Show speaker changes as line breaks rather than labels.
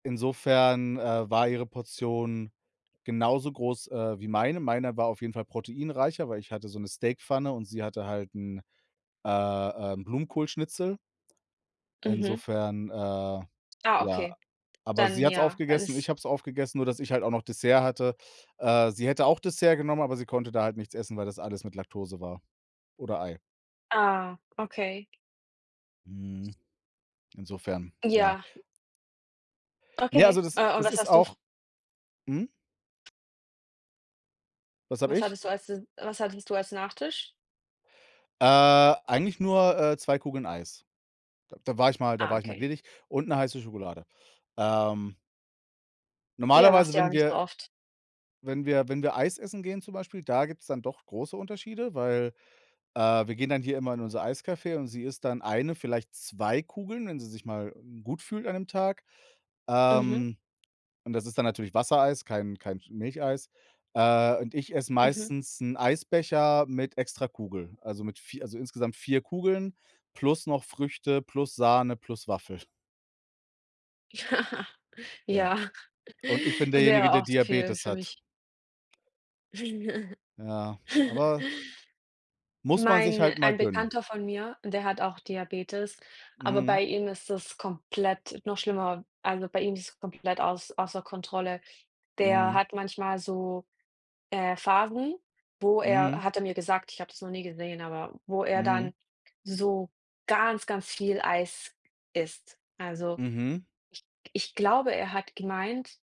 Insofern, äh, war ihre Portion genauso groß, äh, wie meine. Meiner war auf jeden Fall proteinreicher, weil ich hatte so 'ne Steakpfanne und sie hatte halt 'n, äh, ähm, Blumenkohlschnitzel.
Mhm.
Insofern, äh,
Ah,
ja
okay.
aber
Dann,
sie hat's
ja,
aufgegessen,
alles
ich habe es aufgegessen, nur dass ich halt auch noch Dessert hatte. Äh, sie hätte auch Dessert genommen, aber sie konnte da halt nichts essen, weil das alles mit Laktose war oder Ei.
Ah, okay.
Mhm. Insofern, ja.
Ja.
Ne,
Okay.
also, das is
Äh, und
das
was
ist
hast du f
auch Hm? Was habe
Was
ich?
hattest du als De was hattest du als Nachtisch?
Äh, eigentlich nur, äh, 2 Kugeln Eis. D da war ich mal da
Ah,
war ich mal
okay.
gnädig und 'ne heiße Schokolade. Ähm
Ja, machst
normalerweise,
du ja auch
wenn
nicht so
wir
oft.
wenn wir wenn wir Eis essen gehen zum Beispiel, da gibt's dann doch große Unterschiede. Weil, äh, wir gehen dann hier immer in unser Eiscafé und sie isst dann 1, vielleicht 2 Kugeln, wenn sie sich mal, hm, gut fühlt an dem Tag.
Mhm.
Ähm, und das ist dann natürlich Wassereis, kein kein Sch Milcheis. Äh, und ich esse
Mhm.
meistens 'n Eisbecher mit extra Kugel. Also mit 4 also, insgesamt 4 Kugeln plus noch Früchte plus Sahne plus Waffel. Ja,
Ja,
und ich bin
es
derjenige,
wäre
der
auch zu viel
Diabetes
für
hat.
mich.
Ja, aber muss man sich
Mein
halt mal
ein
gönnen.
Bekannter von mir, der hat auch Diabetes, aber
Mhm.
bei ihm ist es komplett noch schlimmer. Also, bei ihm ist komplett auß außer Kontrolle. Der
Mhm.
hat manchmal so, äh, Phasen, wo
Mhm.
er hat er mir gesagt, ich habe das noch nie gesehen, aber wo er
Mhm.
dann so ganz, ganz viel Eis isst. Also,
Mhm.
ich g ich glaube, er hat gemeint